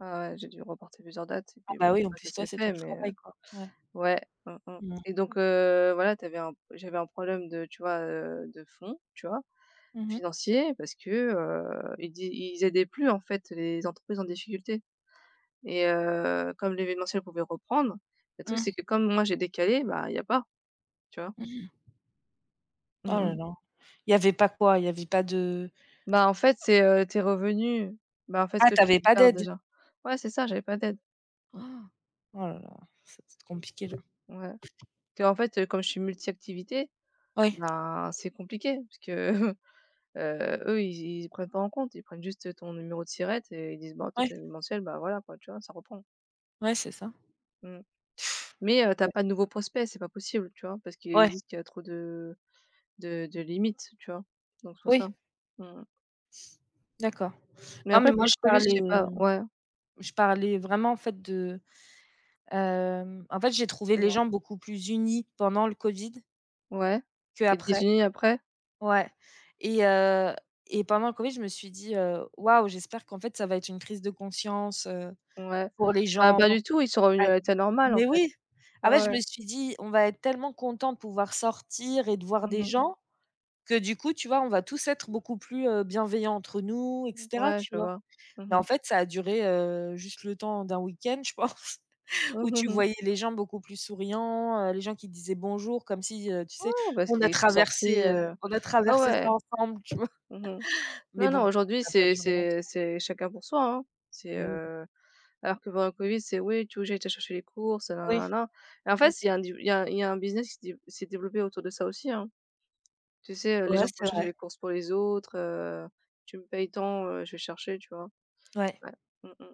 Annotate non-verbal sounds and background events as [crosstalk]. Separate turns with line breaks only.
Ouais, ouais, j'ai dû reporter plusieurs dates et
Ah
puis
bah,
bon
oui en
ça ça
plus
s'est
toi c'est ton
fait mais heu
travail quoi. Ouais.
ouais. Mmh mh
Mmh mh.
et donc heu, voilà tu avais un p j'avais un problème de, tu vois, heu, de fond, tu vois?
Mmh mh.
Financier, parce que, heu, ils di ils aidaient plus en fait les entreprises en difficulté et heu, comme l'événementiel pouvait reprendre. Le truc
Mmh.
c'est que comme moi j'ai décalé, bah, il y a pas, tu vois?
Mmh!
Mmh
Oh là
mh.
là. Il y avait pas quoi? Il y avait pas de
Bah, en fait c'est, heu, tes revenus. Bah en fait ce
Ah
que
tu
tu
avais pas
gardes
d'aide?
déjà. Ouais c'est ça, j'avais pas d'aide.
Oh! Oh là là! Ça doit être compliqué là.
Ouais. Parce que, en fait, heu, comme je suis multi-activités,
Oui.
ben c'est compliqué parce que, [chuckles] heu, eux ils y ils prennent pas en compte, ils prennent juste ton numéro de SIRET et ils disent: «Bon toi
Oui.
t'es une mensuelle, ben voilà quoi» tu vois? Ça reprend.
Oui c'est ça.
Mmh. Mais heu, tu as
Ouais.
pas de nouveaux prospects, c'est pas possible, tu vois? Parce qu'ils
Ouais.
disent qu'il a trop de de de limites tu vois? Donc c'est pour ça.
Oui.
Mmh mh.
D'accord.
Mais
Non, mais
après,
moi je
post-Covid je
parlais
sais pas. Ouais.
je parlais vraiment en fait de, hem, en fait, j'ai trouvé les
Dis-moi.
gens beaucoup plus unis pendant le Covid
Ouais?
que
Et
après.
désunis après?
Ouais et heu et pendant le covid, je me suis dit, heu: «Waouh, j'espère qu'en fait ça va être une crise de conscience, heu,
Ouais.
pour les
Ah
gens»
pas du tout, ils sont revenus
ouais.
à l'état normal en
Mais
fait.
oui! Ah
Ouais
bah, je
ouais.
me suis dit: «On va être tellement contents de pouvoir sortir et de voir
Mmh
des
mh.
gens que du coup, tu vois, on va tous être beaucoup plus, heu, bienveillants entre nous et
Mmh,
cetera»
ouais,
tu
je
vois?
vois. Mmh
Ben en
mh.
fait, ça a duré, heu, juste le temps d'un week-end, je pense, [chuckles]
Oh
où
mmh
tu
mh.
voyais les gens beaucoup plus souriants, heu, les gens qui disaient: «Bonjour» comme si, heu, tu sais,
Oh bah parce
on a
qu'ils sont
traversé,
sortis,
heu,
heu
on a
ouais,
traversé
ouais.
ça ensemble, tu vois?
Mmh mh.
[chuckles] Mais
Non non,
bon,
aujourd'hui
ça a pas
c'est
duré
c'est
longtemps.
c'est chacun pour soi, hein. C'est,
Mais oui.
heu alors que pendant le Covid c'est: «Oui, tu veux que j'aille te chercher les courses? Heu,
Oui.
na na na» et en fait
C'est
s il y
ça.
a du il y a il y a un business qui s'est dé qui s'est développé autour de ça aussi, hein. Tu sais, heu, les
Ouais
gens pour
c'est
chercher
vrai.
les courses pour les autres, heu,: «Tu me payes tant, heu, je vais chercher» tu vois?
Ouais.
Ouais. Mmh mh.